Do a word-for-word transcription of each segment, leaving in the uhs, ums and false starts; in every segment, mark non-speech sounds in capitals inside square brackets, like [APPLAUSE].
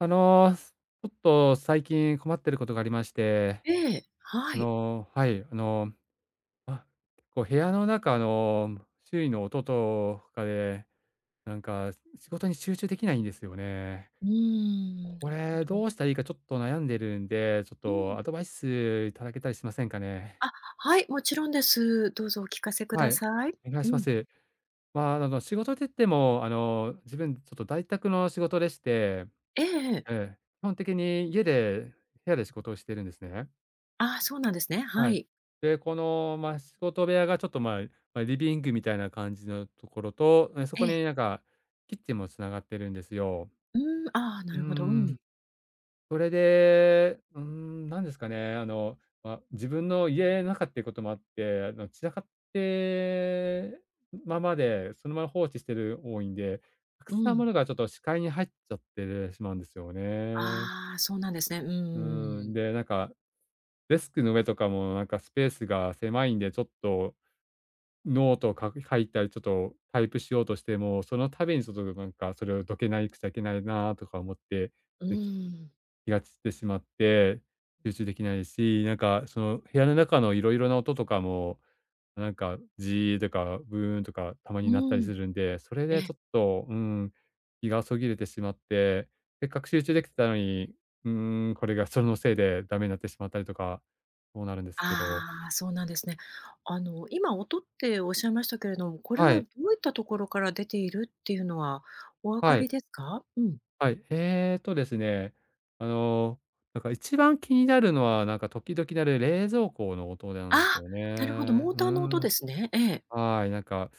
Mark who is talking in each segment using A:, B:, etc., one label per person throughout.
A: あの、すちょっと最近困ってることがありまして。
B: ええ、は
A: あ
B: い。
A: のはい、あの、あ、こう部屋の中の周囲の音とかで、なんかし仕事に集中できないんですよね。
B: うーん、
A: こ
B: なる
A: れ
B: ほど。
A: どうしたらいいかちょっと悩んでるんで、ちょっ
B: うん。
A: とアドバイス頂けたりしませんかね？
B: あ、はいもちろんです。どうぞお聞かせく
A: は
B: だ
A: い、
B: さい。
A: お願い
B: う
A: しま
B: ん。
A: す。まあ、あの、仕事って言ってもあの自分ちょっと在宅の仕事でして
B: ええええ。
A: ええ、基本的に家で、部屋で仕事をしているんですね。
B: あ、そうなんですね、
A: は
B: は
A: い。
B: い。
A: で、この、ま、仕事部屋がちょっとまあ、ま、リビングみたいな感じのところと、え、そ
B: え
A: こ
B: え。
A: になんかキッチンもつながってるんですよ。
B: うん、ああ、
A: う
B: な
A: ー
B: るほど。う
A: ん。
B: ん。
A: それで、うーん、なんですかね、あの、ま、自分の家の中っていうこともあって、あの散らかってままで、そのまま放置してる多いんで、たく
B: う
A: さんも
B: ん。
A: のがちょっと視界に入っちゃってるしまうんですよね。
B: ああ、そうなんですね、うんうん
A: う
B: うんう
A: ん、
B: ん。
A: で、なんか、デスクの上とかもなんかスペースが狭いんでちょっと、ノートをかく書いたり、ちょっとタイプしようとしても、その度にちょっとどなんかそれをどけないくちゃいけないなとか思って、
B: う
A: でき
B: ん。
A: 気が散ってしまって、集中できないし、なんかその部屋の中のいろいろな音とかも、なんかジーとかブーンとかたま
B: う
A: に鳴ったり
B: ん。
A: するんで、それ
B: え
A: で
B: え。
A: ちょっと、うん、気がそぎれてしまって、せっかく集中できてたのに、うーん、これがそのせいでダメになってしまったりとか、そうなるんですけど。
B: ああ、そうなんですね。あの今音っておっしゃいましたけれども、これ
A: は
B: は
A: い。
B: どういったところから出ているっていうのはお分か
A: は
B: り
A: い。
B: ですか？うん。
A: はい、ええとですね、あのなんか一番気になるのは、なんか時々鳴る冷蔵庫の音なんです
B: あ、
A: よ
B: なるほど、
A: ね。
B: モー
A: うー
B: ターの音で
A: ん。
B: すね。ええ。
A: はい、なんか。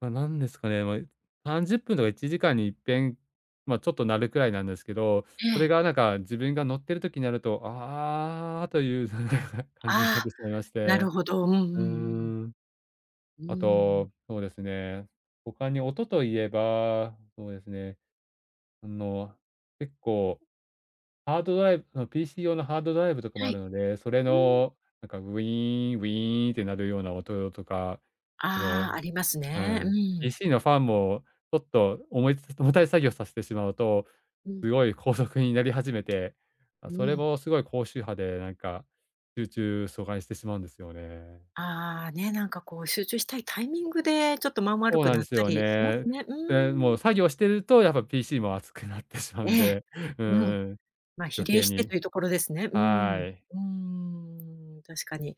A: ま、なんですかね、ま、え、さんじゅっぷんとかいちじかんにいっぺん、まあ、ちょっと鳴るくらいなんですけど、
B: え
A: それ
B: え。
A: がなんか自分が乗ってる時になると、ああという [UNINTELLIGIBLE] 感じに
B: あ
A: なっ
B: あ、
A: てしまいまし
B: なる
A: て。
B: ほど。うんうんう
A: うー
B: ん。
A: ん。
B: う
A: あ
B: ーん。
A: と、そうですね、他に音と言えば、そうですね。あの結構、ハードドライブの、PC 用のハードドライブとかも
B: は
A: ある
B: い。
A: ので、それ
B: うん。
A: のなんかウィーンウィーンって鳴るような音とか、そ
B: ああ、
A: の
B: あります
A: う
B: ね、う
A: ん。
B: ん。
A: PC のファンもちょっと重いつ重たい作業をさせてしまうと、
B: うん。
A: すごい高速になり始めて、ま、
B: う
A: それ
B: ん。
A: もすごい高周波でなんか集中阻害してしまうんですよね。
B: ああ、ね、なんかこう集中したいタイミングでちょっと間悪
A: そう
B: く
A: なん
B: なっ
A: です
B: た
A: よ
B: りします
A: ね。
B: ね。うー
A: で、も
B: ん。
A: う作業してると、やっぱ PC も熱くなってしま
B: え
A: うん
B: え、
A: で。う
B: うん。
A: ん。
B: ま、比
A: 余
B: 例
A: 計
B: して
A: に。
B: というところですね。うー
A: は
B: ん。
A: い。
B: うーん、確かに。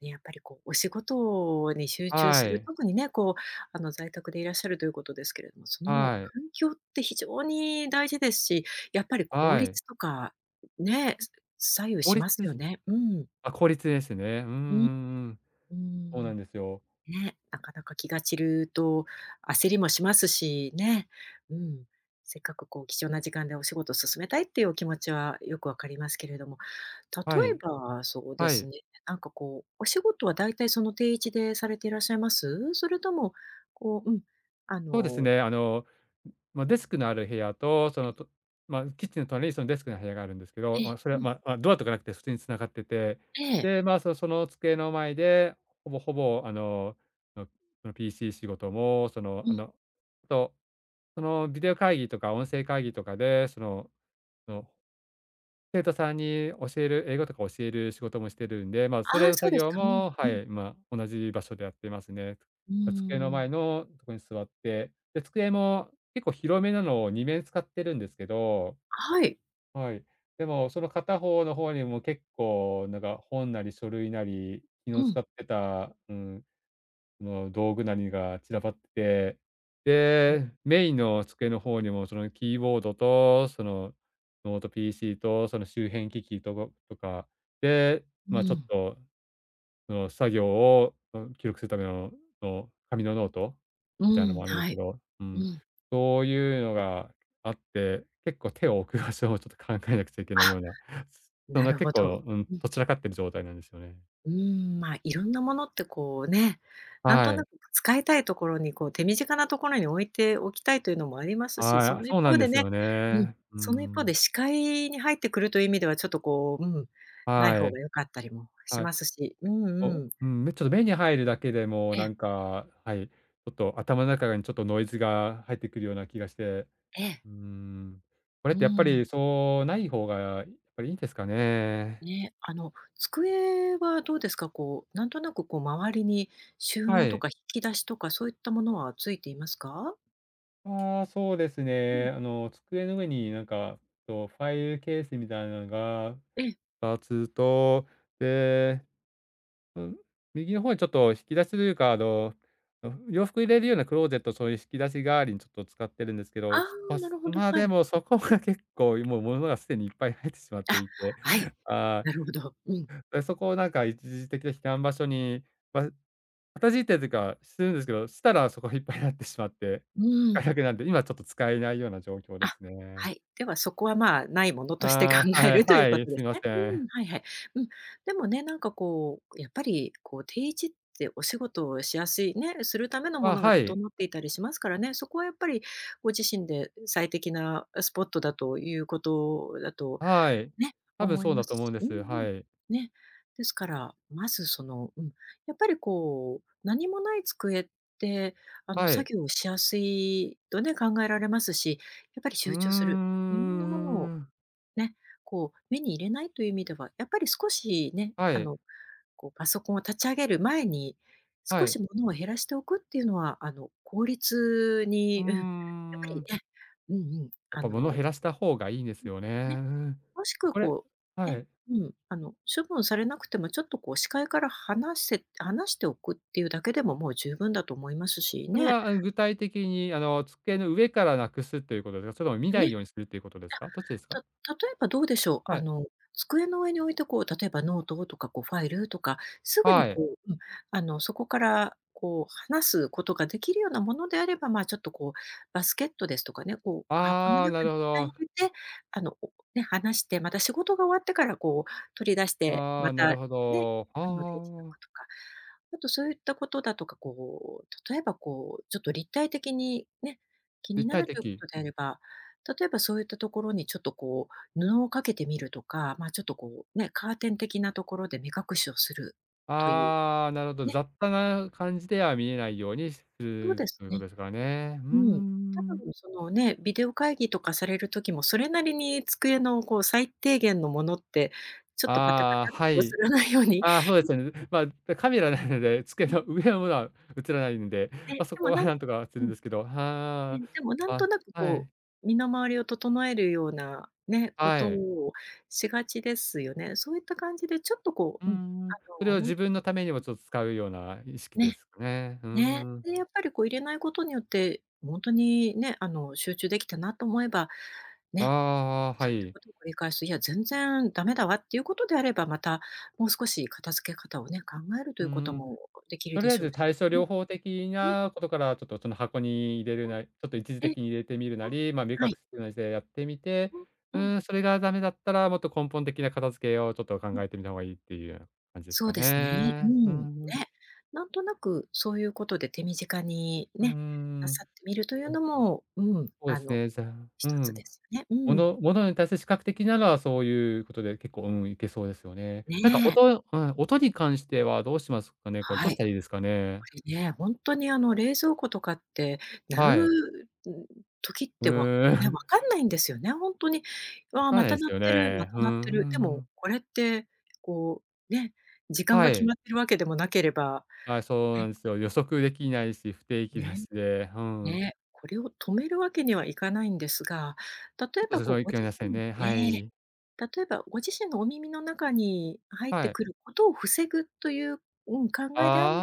B: ね、やっぱりこうお仕事に集中
A: は
B: する、
A: い。
B: とくにね、こう、あの、在宅でいらっしゃるということですけれども、その
A: はい。
B: 環境って非常に大事ですし、やっぱり効
A: はい。
B: 率とかね、
A: う
B: 左右
A: 法
B: し
A: 律。
B: ますよね。うん。
A: あ、効率ですね。うんう
B: うん。
A: んうん。
B: うー
A: そう
B: ん。
A: なんですよ。
B: ね、なかなか気が散ると焦りもしますしね。うん。せっかくこう貴重な時間でお仕事進めたいっていうお気持ちはよくわかりますけれども、例
A: は
B: え
A: い。
B: ばそうで
A: は
B: す
A: い。
B: ね、なんかこうお仕事は大体その定位置でされていらっしゃいます？それともこう、うん、あ
A: そうです
B: の
A: ね、あのまあ、デスクのある部屋とその
B: [UNINTELLIGIBLE]
A: とま、キッチンの隣にそのデスクの部屋があるんですけ
B: え
A: ど、ま、
B: え、
A: それ
B: う
A: は
B: ん。
A: ままドアとかなくて普通につながってて、
B: ええ。
A: で、まあ、そその机の前でほぼほぼあののその PC 仕事もその
B: う
A: あ
B: ん。
A: のと、そのビデオ会議とか音声会議とかでそのの生徒さんに教える、英語とか教える仕事もしてるんで、まあ、そ
B: あ
A: れ
B: あ、
A: の
B: そ
A: 作
B: うです
A: 業
B: か。うん
A: も、
B: う
A: は
B: ん。
A: い、まあ、同じ場所でやっていますね。
B: う
A: た机の
B: ー
A: 前
B: ん。
A: のとこに座って、で、机も結構広めなのをにめん使ってるんですけど。
B: はい。
A: はい、でもその片方の方にも結構なんか本なり書類なり、昨
B: う
A: 日
B: ん。
A: 使ってた、うーん、その道具なりが散らばって、
B: ん。
A: で、メインの机の方にもそのキーボードとその、ノート PC とその周辺機器とごとか、で、
B: う
A: まあ、ちょっ
B: ん。
A: と、その作業を、うん、記録するためのの紙のノート
B: う
A: みたいの
B: ん、
A: もあるんで
B: は
A: すけ
B: い。
A: ど、う
B: う
A: ん。
B: ん。
A: そういうのがあって、結構手を置く場所をちょっと考えなくちゃいけないよ
B: あ。
A: うな、そん
B: な
A: な
B: る
A: 結
B: ほ
A: 構
B: ど。
A: うん
B: うん。
A: とっ散らかっている状態なんですよね。
B: うーん、ま、いろんなものってこうね、なんと
A: は
B: な
A: い。
B: く使いたいところに、こう手短なところに置いておきたいというのもあります
A: は
B: し、
A: い、
B: そ
A: あ、
B: の一
A: そうなん
B: 方
A: で
B: で
A: す
B: ね
A: よ
B: うん。
A: ね。う
B: その一方で
A: ん。
B: 視界に入ってくるという意味ではちょっとこう、うん、ない
A: は
B: 方
A: い。
B: が良かったりもし
A: はい。
B: ますし。うん
A: お。う
B: うん。
A: ん、目、ちょっと目に入るだけでも
B: え
A: な
B: え。
A: んかはい、ちょっと頭の中がにちょっとノイズが入ってくるような気がして。
B: ええ。
A: うーん、これっ
B: う
A: てやっぱ
B: ん。
A: りそうない方がぱりいいんですかね。
B: ね、あの、机はどうですか？こう、なんとなくこう周りに収
A: は
B: 納と
A: い。
B: か引き出しとか、そういったものはついていますか？
A: あ、そうです
B: うん。
A: ね、あの、机の上に、なんか、と、ファイルケースみたいなのが
B: ええ。
A: たつと、で、うん、右の方にちょっと引き出しというか、あのの洋服入れるようなクローゼット、そういうしきだし代わりにちょっと使ってるんですけ
B: あ
A: ど、す
B: あ、
A: ぱ
B: な
A: す
B: るほど、
A: まあ、
B: は
A: で
B: い。
A: も、そこが結構、いもう物がすでにいっぱい入ってしまって
B: あ、
A: いて、
B: はい、
A: あ
B: なる
A: あ。
B: ほど。うん。
A: え、そこを、なんか、一時的なひかんばしょに、わるかたじいてるてか、してるんですけど、したら、そこひっぱいなってしまって。
B: うー
A: あ、
B: ん。
A: ひゃくなんで、今ちょっと使えないような状況で
B: あ、
A: す
B: は
A: ね。
B: い、ではそこは、まあ、ないものとして考
A: あ、
B: え
A: はい
B: るという
A: は
B: こ
A: い、
B: とで
A: す
B: す
A: いま
B: ね。う
A: せ
B: ーん、
A: ん。
B: はいはい。うん、でもね、なんか、こう、やっぱり、こう、定位置ってお仕事をしやすい、ね、するためのも
A: あ、
B: のが
A: はい。
B: 整っていたりしますからね、そこはやっぱりご自身で、え、最適な、あ、スポットだということだと
A: はい、
B: ね、
A: 多分
B: 思い
A: そう
B: ま
A: だと
B: す
A: 思うん
B: し
A: で
B: うん-
A: す、
B: うん。
A: はい。
B: ね、ですから、まず、その、うん、やっぱり、こう、何もない机って、あの、
A: はい。
B: 作業しやすいとね、考えられますし、やっぱり
A: うー
B: 集中する。いろんなものを、
A: ん。
B: ね、こう、目に入れないという意味では、やっぱり少しね、
A: は
B: あ
A: い。
B: の、こう、パソコンを立ち上げる前に
A: は
B: 少
A: い。
B: し物を減らしておくっていうのは、あの、効率
A: うー
B: に、うん、やっぱり
A: ん。
B: ね、うんうん、
A: やっ
B: あ
A: ぱ物を
B: の
A: 減らした方がいいね
B: う
A: す
B: ん。
A: よ
B: ね。
A: ね。
B: もしくは、
A: これ
B: こう、
A: は
B: ね、
A: い。
B: うん、あの、処分されなくてもちょっと、こう、視界から離せ離しておくっていうだけでも、もう十分だと思いますし
A: それ
B: ね。
A: は、あん、具体的に、あの、机の上からなくすということでか、それとも見
B: ん、
A: な
B: ね。
A: いようにするっていうことですか、どっちですか。
B: あ、た例えばどうでしょう。
A: は
B: あ
A: い。
B: の、机の上、こう、例えばノートとか、こう、ファイルとか、すぐに、
A: はい。
B: こううん、あの、そこから、こう、離すことができるようなものであれば、まあ、ちょっと、こう、バスケットですとかね、こう、箱の
A: ああ、な
B: 中に
A: る
B: い
A: ほ
B: っかい
A: ど。
B: 入れて、あの、置くね、離して、また仕事が終わってから、こう、取り出して、
A: あ
B: ま
A: あ、な
B: た、
A: るほ
B: ね。
A: ど。あ
B: 缶の定位置箱
A: ああ。
B: とか。あとそういったことだとか、こう、例えば、こう、ちょっと立体的に、ね、気
A: 立
B: にな
A: 体
B: るというこ
A: 的。
B: とであれば、例えばそういったところにちょっと、こう、布をかけてみるとか、まあ、ちょっと、こう、ね、カーテン的なところで目隠しをするという、
A: ああ、なるほど。
B: ね。
A: 雑多な感じでは見えないようにしす
B: そう
A: る
B: です
A: というこ
B: ね。
A: とですからね。うー
B: うん、多
A: ん。
B: 分そのね、ビデオ会議とかされる時もそれなりに、机の、こう、最低限のものって、ちょっとパタパ
A: あ
B: タっ
A: あ、あ、は
B: て
A: い。
B: 映らないように
A: あ、そうですね、う
B: [UNINTELLIGIBLE]
A: まあ、だ、カメラないので、机
B: うん。
A: の上のものは映らないんで、
B: ね、
A: ま、そ
B: で
A: こ
B: も、
A: は
B: なん
A: なんとかはす
B: う
A: るん
B: ん。
A: ですけど。
B: う
A: は
B: ん、でも、な
A: あ、
B: んと
A: あ、
B: なく、
A: は
B: こ
A: い。
B: う、身の回りを整えるようなね、こ
A: は
B: と
A: い。
B: をしがちですよね。そういった感じでちょっと、こ
A: うー
B: う、うん、あ
A: ん。それ
B: の、
A: は
B: ほん
A: 自
B: と
A: 分
B: に
A: のためにも
B: うん
A: ちょっ使うような意識で
B: ね。
A: すかね。ふー
B: ね、
A: ん。
B: で、やっぱり、こう、入れないことによって、うぉんとにね、あの、集中できたなと思えば、
A: あ
B: ね、
A: あああ、は
B: そういった
A: い。
B: ことを繰り返す、いや全然ダメだわっていうことであれば、またもう少し片付け方をね、考えると
A: う
B: い
A: ん
B: うこと
A: うん。
B: もできる
A: とり
B: で
A: あえ
B: しょう
A: ず
B: し。
A: 対処
B: うん。
A: 療法的
B: うん。
A: なことから、ちょっと、その箱に入れれ
B: うん。
A: ない、ちょっと一時
B: え。う
A: 的に入れてみるな
B: ん。
A: り、まあ、目
B: は
A: 隠
B: い。
A: すむじでやってみて、
B: うう
A: う
B: ん。
A: ーん、それがダメだったら、もっと根本的な片付けをちょっと
B: う
A: 考
B: ん。
A: えてみた方がいいっていうような感じです
B: そう
A: か
B: ですね。うー
A: ね。う
B: ん。
A: ん
B: ね。
A: うん。
B: なんとなくそういうことで手短に、
A: うー
B: ね、な
A: ん。
B: さってみるとい
A: う
B: うの
A: ん。
B: も、うん、
A: そうで
B: あ
A: す
B: の
A: ね、じゃあ
B: ひ
A: う
B: とつで
A: ん。
B: すよね。う
A: も
B: ん。
A: のものに対する視覚的なのはそういうことで結構、うん、いけそうですよね。
B: ね
A: なんか
B: え。
A: 音へのはい、音に関してはどうしますかね、これ、ど
B: は
A: し
B: い。
A: たらいいですか
B: こ
A: ね。
B: れね、ほんとに、あの、冷蔵庫とかって、やる
A: はい。
B: うん、時っ
A: へ
B: てわ
A: え。
B: ね、分
A: [CHUCKLES]
B: かんないんですよね、ほんとに、
A: わ
B: わあ、
A: から
B: ま
A: な
B: た
A: いす
B: 鳴っ
A: よ
B: てる、ま
A: ね。
B: た
A: ふ
B: 鳴っ
A: ん
B: て
A: ふんふ
B: る。でも、
A: ん。
B: これって、こう、ね、時間
A: は
B: が決
A: い。
B: まってるわけでもなければ、
A: はい、そうな
B: ね
A: んすよ。予測できないし、不定期だ
B: ね。
A: しで、ふーん。
B: ね、これを止めるわけにはいかないんですが、例えば、こう、ご自
A: [UNINTELLIGIBLE] せん
B: 身
A: ね、
B: で、
A: はい。
B: 例えばご自身のお耳の中に、あ、入って
A: はい。
B: くることを防ぐという、うん、考えであれば、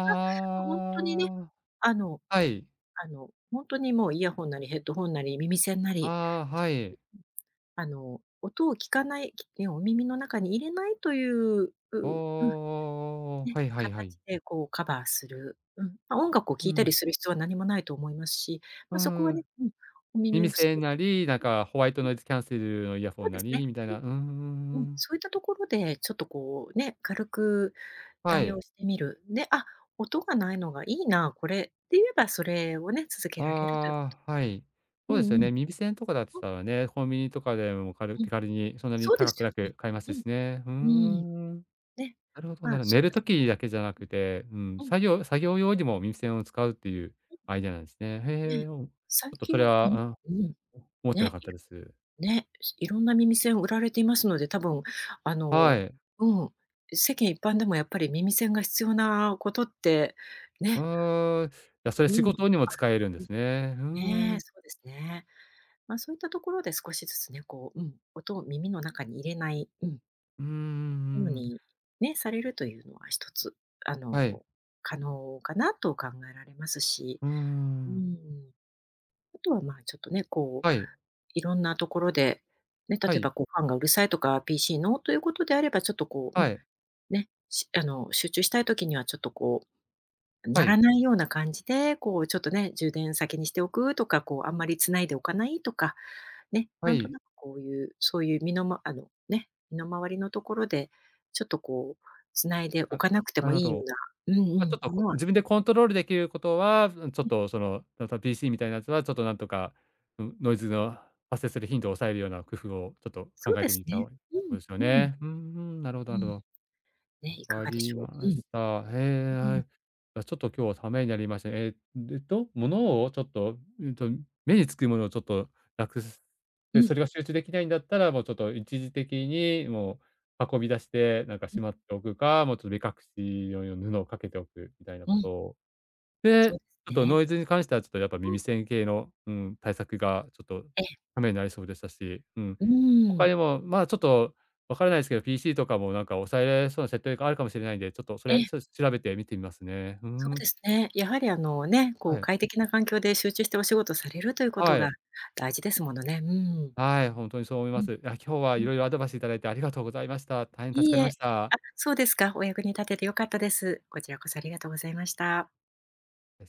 B: ま、ほんとにね、
A: あ、
B: あの
A: はい。
B: あの、ほんとにもうイヤホンなりヘッドホンなり耳栓なり、
A: ああ、
B: ちょ
A: は
B: っと、こ
A: い。
B: ううん、あの、音を聞かない、きえ、お耳の中に入れないという、う
A: おお
B: うん。
A: おおお、
B: ね、
A: はいはいはい。
B: 形で、こう、カバーする、うん。ま、音楽を
A: う
B: 聴いたり
A: ん。
B: する必要は何もないと思いますし、
A: う
B: ま、そこは
A: ー
B: ね
A: ん。
B: うん、お耳
A: 耳
B: をす
A: 栓なり、なんかホワイト
B: [UNINTELLIGIBLE]
A: ノイズキャンセルのイヤ
B: そ
A: ホ
B: う
A: ン
B: で
A: な
B: すね。
A: り、みたい
B: うん。
A: な、うんうん
B: うん、
A: うん。
B: そういったところで、ちょっと、こう、ね、軽く
A: は
B: 対
A: い。
B: 応してみる、ね、「あ、音が無いのがいいな、これ」って言えば、それをね、続けられると。
A: ああ、はい。
B: う
A: そうで
B: ん
A: すよ
B: うん。
A: ね、耳栓とかだっつ
B: うん。
A: たらね、コンビニとかでも軽
B: うん。
A: 手軽にそんなに
B: そうで
A: 高
B: す
A: く
B: よ
A: な
B: ね、
A: く買えますしね。ふーん、
B: う
A: う
B: ん。うーん。
A: んうん。
B: ね、
A: なるほど、
B: ま
A: な
B: あ、
A: るほ
B: そ
A: 寝
B: こ
A: る
B: で
A: 時だけじゃなくて、うん、
B: うん。
A: 作業作業用にも耳栓を使うっていう
B: う
A: アイディアなんですね。
B: ん。
A: へ
B: ね。
A: え、おうち
B: 最
A: ょっとそ
B: 近、
A: れ
B: え
A: は、あ、う
B: み
A: ん、うん、
B: ううん。
A: 思ってな
B: ね、
A: かっ
B: い
A: たです。
B: ろね、えし色んな耳栓を売られていますので、多分、あ
A: は
B: の
A: い。
B: うん、う世間一般でもやっぱり耳栓が必要なことって、
A: う
B: ね。
A: ーん、じゃ、それ
B: う
A: 仕
B: ん。ある。
A: 事にも使えるんで
B: うん。
A: すね。ふー
B: ねえ、
A: ん。
B: そうですね。ま、そういったところで少しずつね、こう、うん、音を耳の中に入れない、うん。
A: うーん、う
B: ふう
A: ん。
B: に、ね、されるというのはひとつ、あ
A: はい。
B: の、可能かなと考えられますし。
A: うー
B: うー
A: ん。
B: ん。あとは、まあ、ちょっとね、こう、
A: はい。
B: いろんなところで、ね、例
A: は
B: え
A: い。
B: ば、こう、ファンがうるさいとか、PC の、ということであれば、ちょっと、こう、う
A: は
B: ん、
A: い。
B: ね、しあの、集中したい時には、ちょっと、こう、
A: は
B: 鳴ら
A: い。
B: ないような感じで、こう、ちょっとね、充電先にしておくとか、こう、あんまり繋いでおかないとか、ね、
A: は
B: なんと
A: い。
B: なくこういう、そういう身のまあの、ね、身の回りのところで、ちょっと、こう、繋いでお
A: あ、
B: かなくて
A: な
B: も
A: るほ
B: いいよう
A: ど。
B: なうんう
A: あ、ちょ
B: ん、
A: っと、
B: も
A: こ
B: のは
A: 自分でコントロールできることは、ずうん、ちょっ
B: え。
A: と、その、ちょっと PC みたいなやつは、ちょっとなんとか、うん、ノイズの発生する頻度を抑えるような工夫を、ちょっと
B: そ
A: 考
B: う
A: え
B: で
A: て
B: す
A: みた
B: ね。
A: おい
B: う
A: そうですよ
B: んうん。
A: ね。うん、ふん、なるほど
B: う
A: なるほ
B: ん。
A: ど。
B: ね、い
A: わ
B: か
A: か
B: がでし
A: り
B: ょ
A: ま
B: う。うん。
A: し
B: う
A: た。へえ、
B: う
A: は
B: ん。
A: い。や、ちょっと今日はためになりました。ええ、ると、物をちょっと、うんと、目に付くものをちょっとなくす、
B: う
A: で、
B: ん。
A: それが集中できないんだったら、もう、ちょっと一時的にもう運び出して、なんか、
B: う
A: し
B: ん。
A: まっておくか、もう、ちょ目隠し用よ布をかけておくみたいな
B: う
A: こ
B: ん。
A: とを。
B: そ
A: で、
B: うす
A: あと
B: ね。
A: ノイズに関しては、ちょっとやっぱ
B: う
A: 耳
B: ん。
A: 栓形の、うん、対策がちょっと
B: ええ。
A: 為になりそうでしたし、うん。
B: うー
A: 他に
B: ん。
A: も、まあ、ちょっとわからないですけど、PC とかも、なんか、抑えられそうな設定があるかもしれないんで、ちょっとそ
B: え
A: れ、
B: え。
A: ちょし調べて見てみますね。ふー
B: そう
A: ん。
B: ですね、やはり、あの、ね、こ
A: は
B: う、
A: い。
B: 快適な環境で集中してお仕事されるということ
A: は
B: が
A: い。
B: 大事ですものね。うーん。
A: はい、ほんとにそう思い
B: う
A: ま
B: ん。
A: す。や、今日は
B: う
A: い
B: ん。
A: ろいろアドバイスいただいて、ありがとうございました。大変助
B: いい
A: かり
B: え、
A: ました。
B: あ、そうですか。お役に立ててよかったです。こちらこそ、ありがとうございました。
A: です。